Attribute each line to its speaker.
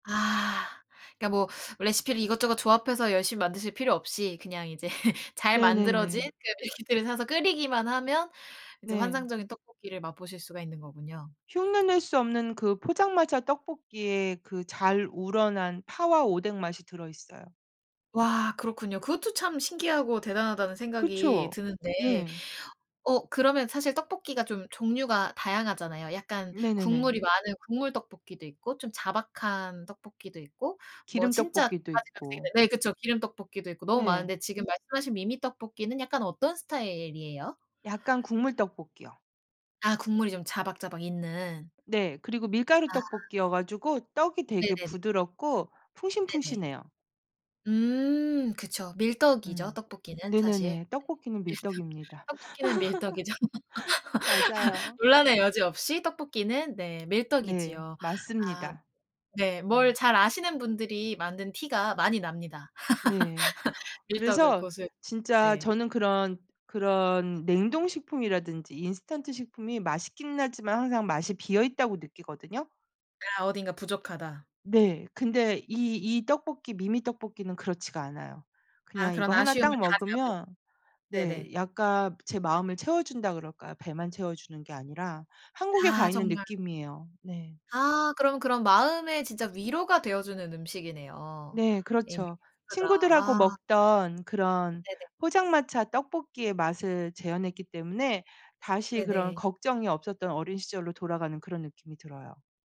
Speaker 1: 아 그니까 뭐 레시피를 이것저것 조합해서 열심히 만드실 필요 없이 그냥 이제 잘 만들어진
Speaker 2: 네네네.
Speaker 1: 그 레시피를 사서 끓이기만 하면 이제
Speaker 2: 네.
Speaker 1: 환상적인 떡볶이를 맛보실 수가 있는 거군요.
Speaker 2: 흉내 낼 수 없는 그 포장마차 떡볶이에 그 잘 우러난 파와 오뎅 맛이 들어있어요.
Speaker 1: 와 그렇군요. 그것도 참 신기하고 대단하다는 생각이
Speaker 2: 그쵸.
Speaker 1: 드는데.
Speaker 2: 네.
Speaker 1: 어 그러면 사실 떡볶이가 좀 종류가 다양하잖아요. 약간
Speaker 2: 네네네.
Speaker 1: 국물이 많은 국물 떡볶이도 있고 좀 자박한 떡볶이도 있고 뭐
Speaker 2: 기름
Speaker 1: 진짜
Speaker 2: 떡볶이도 있고.
Speaker 1: 네 그쵸. 기름 떡볶이도 있고 너무
Speaker 2: 네.
Speaker 1: 많은데 지금 말씀하신 미미 떡볶이는 약간 어떤 스타일이에요?
Speaker 2: 약간 국물 떡볶이요.
Speaker 1: 아 국물이 좀 자박자박 있는.
Speaker 2: 네 그리고 밀가루
Speaker 1: 아.
Speaker 2: 떡볶이여 가지고 떡이 되게
Speaker 1: 네네네.
Speaker 2: 부드럽고
Speaker 1: 네네.
Speaker 2: 풍신풍신해요.
Speaker 1: 음 그쵸. 밀떡이죠.
Speaker 2: 음
Speaker 1: 떡볶이는 사실.
Speaker 2: 네네네. 떡볶이는
Speaker 1: 밀떡,
Speaker 2: 밀떡입니다.
Speaker 1: 떡볶이는 밀떡이죠.
Speaker 2: 맞아요.
Speaker 1: 논란의 여지 없이 떡볶이는 네
Speaker 2: 네
Speaker 1: 밀떡이지요. 아
Speaker 2: 맞습니다.
Speaker 1: 네 뭘 잘 아시는 분들이 만든 티가 많이 납니다.
Speaker 2: 네
Speaker 1: 밀떡을
Speaker 2: 그래서
Speaker 1: 고수
Speaker 2: 진짜
Speaker 1: 네.
Speaker 2: 저는 그런 그런 냉동식품이라든지 인스턴트식품이 맛있긴 하지만 항상 맛이 비어있다고 느끼거든요.
Speaker 1: 아 어딘가 부족하다.
Speaker 2: 네 근데 이 이 떡볶이 미미 떡볶이는 그렇지가 않아요.
Speaker 1: 아
Speaker 2: 그냥 이거
Speaker 1: 그런
Speaker 2: 하나
Speaker 1: 아쉬움을
Speaker 2: 딱
Speaker 1: 다 잡은
Speaker 2: 먹으면 네
Speaker 1: 네네.
Speaker 2: 약간 제 마음을 채워준다 그럴까요? 배만 채워주는 게 아니라 한국에
Speaker 1: 아
Speaker 2: 가 있는
Speaker 1: 정말.
Speaker 2: 느낌이에요. 네.
Speaker 1: 아 그럼, 그럼 마음에 진짜 위로가 되어주는 음식이네요.
Speaker 2: 네
Speaker 1: 예.
Speaker 2: 그렇죠.
Speaker 1: 그가
Speaker 2: 친구들하고
Speaker 1: 아.
Speaker 2: 먹던 그런
Speaker 1: 네네.
Speaker 2: 포장마차 떡볶이의 맛을 재현했기 때문에 다시 그런
Speaker 1: 네네.
Speaker 2: 걱정이 없었던 어린 시절로 돌아가는 그런 느낌이 들어요.